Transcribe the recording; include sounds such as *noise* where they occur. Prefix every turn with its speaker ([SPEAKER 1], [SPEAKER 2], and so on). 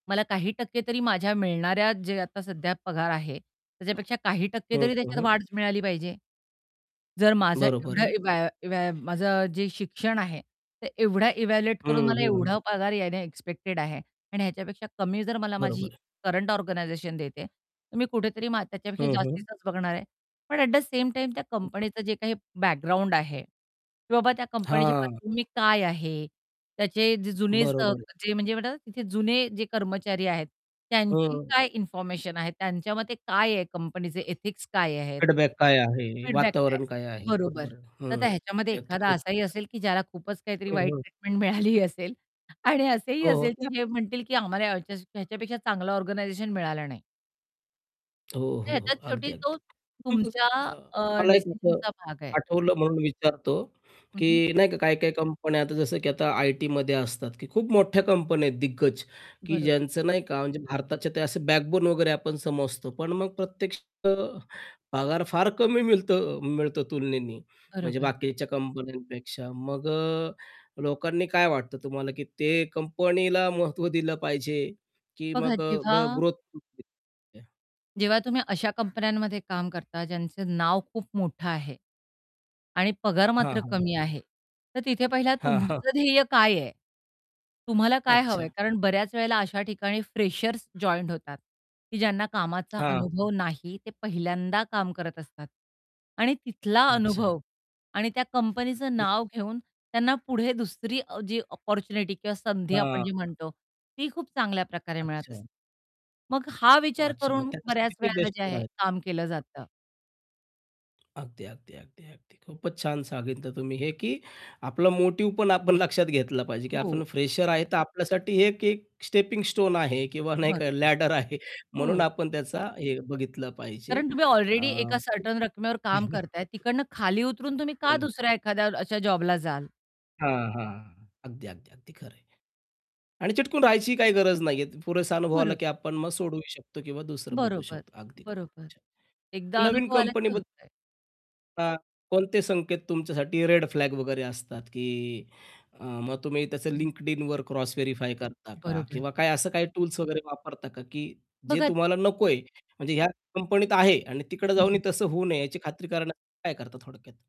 [SPEAKER 1] मला काही टक्के तरी माझ्या मिळणाऱ्या जे आता सध्या पगार आहे, त्याच्यापेक्षा काही टक्के
[SPEAKER 2] हं.
[SPEAKER 1] तरी
[SPEAKER 2] हं,
[SPEAKER 1] त्याच्यात
[SPEAKER 2] हं.
[SPEAKER 1] वाढच मिळाली पाहिजे. जर माझं
[SPEAKER 2] बरोबर
[SPEAKER 1] एवढं
[SPEAKER 2] आहे.
[SPEAKER 1] इव्हॅ इव्हॅ माझं जे शिक्षण आहे, ते एवढा इव्हॅल्युएट
[SPEAKER 2] हं,
[SPEAKER 1] करून मला
[SPEAKER 2] हं, हं.
[SPEAKER 1] एवढा पगार येणे एक्स्पेक्टेड आहे आणि ह्याच्यापेक्षा कमी जर मला माझी
[SPEAKER 2] बरोबर आहे.
[SPEAKER 1] करंट ऑर्गनायझेशन देते, तर मी कुठेतरी मा त्याच्यापेक्षा
[SPEAKER 2] हं, हं.
[SPEAKER 1] जास्तीचाच बघणार आहे. पण ॲट द सेम टाईम त्या
[SPEAKER 2] *unintelligible*
[SPEAKER 1] कंपनीचं जे काही बॅकग्राऊंड आहे, की बाबा त्या कंपनीची
[SPEAKER 2] हां.
[SPEAKER 1] पार्श्वभूमी काय आहे? त्याचे जे जुने स
[SPEAKER 2] बरोबर आहे.
[SPEAKER 1] म्हणजे तिथे जुने जे कर्मचारी आहेत, त्यांची
[SPEAKER 2] हं.
[SPEAKER 1] काय इन्फॉर्मेशन आहे? त्यांच्या मते काय आहे कंपनीचे एथिक्स काय आहेत?
[SPEAKER 2] फीडबॅक काय आहे?
[SPEAKER 1] फीडबॅक काय?
[SPEAKER 2] वातावरण काय आहे?
[SPEAKER 1] बरोबर.
[SPEAKER 2] बरोबर.
[SPEAKER 1] तर
[SPEAKER 2] हं.
[SPEAKER 1] आता ह्याच्यामध्ये
[SPEAKER 2] हे अगदी
[SPEAKER 1] एखादा
[SPEAKER 2] खूप
[SPEAKER 1] असाही
[SPEAKER 2] *unintelligible*
[SPEAKER 1] असेल की ज्याला खूपच काहीतरी
[SPEAKER 2] हं,
[SPEAKER 1] वाईट
[SPEAKER 2] हं.
[SPEAKER 1] ट्रीटमेंट मिळालीही असेल आणि असेही
[SPEAKER 2] हो, हो.
[SPEAKER 1] असेल
[SPEAKER 2] त्या
[SPEAKER 1] की जे म्हणतील की आम्हाला ह्याच ह्याच्यापेक्षा चांगलं ऑर्गनायझेशन मिळालं नाही.
[SPEAKER 2] हो,
[SPEAKER 1] तर
[SPEAKER 2] हो,
[SPEAKER 1] ह्याच्यात
[SPEAKER 2] हो. अगदी,
[SPEAKER 1] शेवटी तो,
[SPEAKER 2] अगदी.
[SPEAKER 1] तुमच्या
[SPEAKER 2] *unintelligible*
[SPEAKER 1] अ,
[SPEAKER 2] मला एक असं
[SPEAKER 1] डिसिजनचा भाग आहे.
[SPEAKER 2] आठवलं म्हणून विचारतो
[SPEAKER 1] हं,
[SPEAKER 2] की
[SPEAKER 1] हं.
[SPEAKER 2] नाही का काही-काही कंपन्या आता जसं की आता आयटीमध्ये असतात की खूप मोठ्या कंपन्या आहेत दिग्गज, की
[SPEAKER 1] बरोबर.
[SPEAKER 2] ज्यांचं नाही का म्हणजे भारताच्या ते असं बॅकबोन वगैरे आपण समजतो. पण मग प्रत्यक्षात पगार फार कमी मिळतं मिळतो तुलनेने. म्हणजे
[SPEAKER 1] बरोबर.
[SPEAKER 2] बाकीच्या कंपन्यांपेक्षा. मग अ, लोकांनी काय वाटतं तुम्हाला, की ते कंपनीला महत्त्व दिलं पाहिजे की
[SPEAKER 1] बघा
[SPEAKER 2] मग
[SPEAKER 1] जेव्हा
[SPEAKER 2] ग ग्रोथ या *unintelligible*
[SPEAKER 1] जेव्हा तुम्ही अशा कंपन्यांमध्ये काम करता, ज्यांचं नाव खूप मोठं आहे. आणि पगार
[SPEAKER 2] हां,
[SPEAKER 1] मात्र
[SPEAKER 2] हां.
[SPEAKER 1] कमी आहे. तर तिथे पहिला
[SPEAKER 2] हां, हां.
[SPEAKER 1] तुमचं ध्येय काय आहे? तुम्हाला काय हवंय?
[SPEAKER 2] अच्छा.
[SPEAKER 1] कारण बऱ्याच वेळेला अशा ठिकाणी फ्रेशर्स जॉइंट होतात, की ज्यांना कामाचा
[SPEAKER 2] हां.
[SPEAKER 1] अनुभव नाही ते पहिल्यांदा काम करत असतात. आणि तिथला
[SPEAKER 2] अच्छा.
[SPEAKER 1] अनुभव आणि त्या कंपनीच
[SPEAKER 2] *unintelligible*
[SPEAKER 1] नाव घेऊन त्यांना, पुढे दुसरी अ, जी अपॉर्च्युनिटी किंवा संधी आपण जी
[SPEAKER 2] हां.
[SPEAKER 1] म्हणतो ती खूप चांगल्या प्रकारे मिळत
[SPEAKER 2] अच्छा.
[SPEAKER 1] असते. मग हा विचार
[SPEAKER 2] अच्छा. मग
[SPEAKER 1] करून
[SPEAKER 2] त्याच्यासाठी
[SPEAKER 1] बऱ्याच
[SPEAKER 2] ते
[SPEAKER 1] वेळेला जे
[SPEAKER 2] बेस्ट
[SPEAKER 1] आहे
[SPEAKER 2] आहे.
[SPEAKER 1] काम केलं जातं.
[SPEAKER 2] अगदी, अगदी, अगदी, अगदी. खूपच छान सांगितलं तुम्ही, हे की आपला मोटिव्ह पण आपण लक्षात घेतला पाहिजे की
[SPEAKER 1] हो.
[SPEAKER 2] आपण फ्रेशर आहे, तर आपल्यासाठी हे एक एक स्टेपिंग स्टोन आहे किंवा नाही
[SPEAKER 1] बरोबर.
[SPEAKER 2] लॅडर आहे म्हणून
[SPEAKER 1] हो.
[SPEAKER 2] आपण त्याचा हे बघितलं पाहिजे.
[SPEAKER 1] कारण तुम्ही ऑलरेडी
[SPEAKER 2] अ,
[SPEAKER 1] एका सर्टन रकमेवर काम करताय,
[SPEAKER 2] *chuckles*
[SPEAKER 1] तिकडनं खाली उतरून तुम्ही
[SPEAKER 2] हो
[SPEAKER 1] का
[SPEAKER 2] ना.
[SPEAKER 1] दुसऱ्या एखाद्या अशा जॉबला जाल?
[SPEAKER 2] हां, हां. अगदी, अगदी, अगदी खरं आहे. आणि चिटकून राहायची काही गरज नाहीये. पुरेसा अनुभवाला की
[SPEAKER 1] बरोबर.
[SPEAKER 2] आपण सोडूही शकतो किंवा दुसरं बघू
[SPEAKER 1] बरोबर,
[SPEAKER 2] शकतो. अगदी खूप
[SPEAKER 1] बरोबर.
[SPEAKER 2] छान.
[SPEAKER 1] एकदा
[SPEAKER 2] नवीन
[SPEAKER 1] अनुभव आला
[SPEAKER 2] कंपनी
[SPEAKER 1] की
[SPEAKER 2] बद्द
[SPEAKER 1] होतंय.
[SPEAKER 2] हां, कोणते संकेत तुमच्यासाठी रेड फ्लॅग वगैरे असतात, की अ, मग तुम्ही
[SPEAKER 1] हं,
[SPEAKER 2] त्या
[SPEAKER 1] हं.
[SPEAKER 2] Linkedinवर क्रॉस व्हेरिफाय करता का?
[SPEAKER 1] बरोबर.
[SPEAKER 2] किंवा काय असं काही टूल्स वगैरे वापरता का? की जे
[SPEAKER 1] बघा ती
[SPEAKER 2] तुम्हाला नकोय, म्हणजे ह्या कंपनीत आहे आणि तिकडे
[SPEAKER 1] हं,
[SPEAKER 2] जाऊनही
[SPEAKER 1] हं.
[SPEAKER 2] तसं होऊ नये याची खात्री करायला काय करता थोडक्यात?